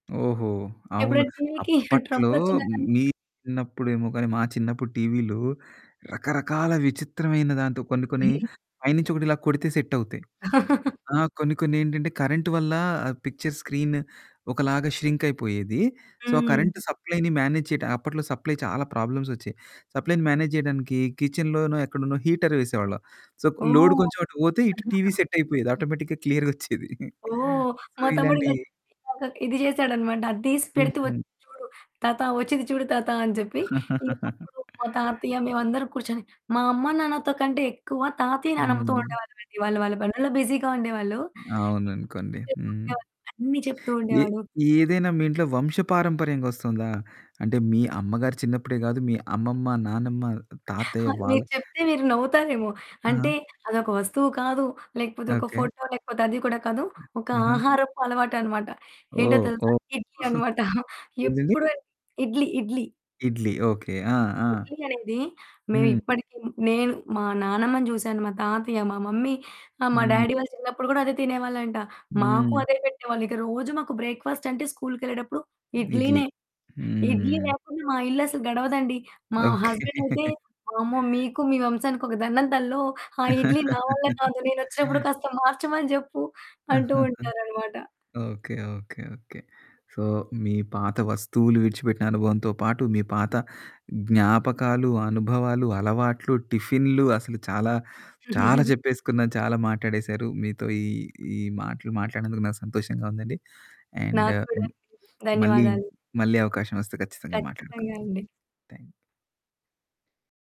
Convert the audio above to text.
ఓహో! అవును. ఎప్పుడన్న టీవీకి అప్పట్లో ట్రబులోచ్చినా గాని మీ చిన్నప్పుడేమో గానీ, మా చిన్నప్పుడు టీవీలు రకరకాల విచిత్రమైన దాంతో కొన్ని కొన్ని పైనుంచి ఒకటి ఇలా కొడితే సెట్ అవుతాయి. ఆ! కొన్ని కొన్ని ఏంటంటే, కరెంటు వల్ల పిక్చర్ స్క్రీన్ ఒకలాగా ష్రింక్ అయిపోయేది. సో, ఆ హ్మ్. కరెంట్ సప్లైని మేనేజ్ చేయడం అప్పట్లో సప్లై చాలా ప్రాబ్లమ్స్ ఒచ్చాయి. సప్లైని మేనేజ్ చేయడానికి కిచెన్‌లోనో ఎక్కడనో హీటర్ వేసేవాళ్ళం. సో, లోడ్ ఓహ్! కొంచెం అటు పోతే ఇటు టీవీ సెట్ అయిపోయేది ఆటోమేటిక్‌గా, క్లియర్‌గోచ్చేది. ఓహ్! సో మా తమ్ముడు ఇలాగ ఇలాంటియి ఇలాగ ఇది చేసాడన్నమాట. అది తీసి హ్మ్ పెడితే ఒచ్చి హ్మ్. చూడు "తాత వచ్చింది చూడు తాత" అని చెప్పి. ఇంకప్పుడు మా తాతయ్య మేమందరం కూర్చొని మా అమ్మ నాన్నతో కంటే ఎక్కువ తాతయ్య, నానమ్మతో హ్మ్. ఉండేవాళ్ళమండి. వాళ్ళ హ్మ్. వాళ్ళ పనుల్లో బిజిగా ఉండేవాళ్ళు. అవుననుకోండి. హ్మ్. [unintelligible] అన్ని చెప్తూ ఏ ఉండేవాడు. ఏదైనా మీ ఇంట్లో వంశపారంపర్యంగా వస్తుందా? అంటే మీ అమ్మగారు చిన్నప్పుడే గాదు, మీ అమ్మమ్మ, నానమ్మ, తాతయ్య అవి వాళ్ళ మీకు చెప్తే మీరు నవ్వుతారేమో ఆ! అంటే అది ఒక వస్తువు కాదు, లేకపోతే ఒక ఓకె. ఫోటో లేకపోతే అది కూడా కాదు. ఒక ఆహా! ఆహారపు అలవాటు అన్నమాట. ఏంటో ఓహ్! తెలుసా ఓహ్! ఇడ్లీ అన్నమాట. ఏంటండి? ఎప్పుడు ఇడ్లీ ఇడ్లీ. ఇడ్లీ ఓకె. ఆ! ఆ! ఇడ్లీ అనేది, హ్మ్. మేమిప్పటికి, నేను మా నానమ్మని చూశాను, మా తాతయ్య, మా మమ్మీ, ఆ! మా హ్మ్. డ్యాడీ వాళ్ళు చిన్నప్పుడు కూడా అదే తినేవాళ్ళంట. మాకు హ్మ్. అదే పెట్టేవాళ్ళు. ఇక రోజు మాకు బ్రేక్ఫాస్టంటే స్కూలు‌కెళ్ళేటప్పుడు ఇడ్లీ. ఇడ్లీనే. ఇడ్లీ హ్మ్. లేకుండా మా ఇల్లు అసలు గడవదండి. మా హస్బెండ్ అయితే ఓకె. "వామ్మో మీకు మీ వంశానికి ఒక దండం తల్లో! ఆ ఇడ్లీ నా వల్ల కాదు, నేనోచ్చినప్పుడు కాస్త మార్చమని చెప్పు" అంటూ ఉంటారన్నమాట. Okay, okay, okay. సో, మీ పాత వస్తువులు విడిచిపెట్టిన అనుభవంతో పాటు, మీ పాత జ్ఞాపకాలు, అనుభవాలు, అలవాట్లు, టిఫిన్లు అసలు చాలా, చాలా చెప్పేసుకున్నా, చాలా మాట్లాడేశారు. మీతో ఈ ఈ మాటలు మాట్లాడినందుకు నాకు సంతోషంగా ఉందండి. అండ్ నాకు కూడా హ్మ్, అండి. మళ్ళీ, ధన్యవాదాలు. మళ్ళీ అవకాశం వస్తే ఖచ్చితంగా ఖచ్చితంగా మాట్లాడుకుందాం. అండి. థ్యాంక్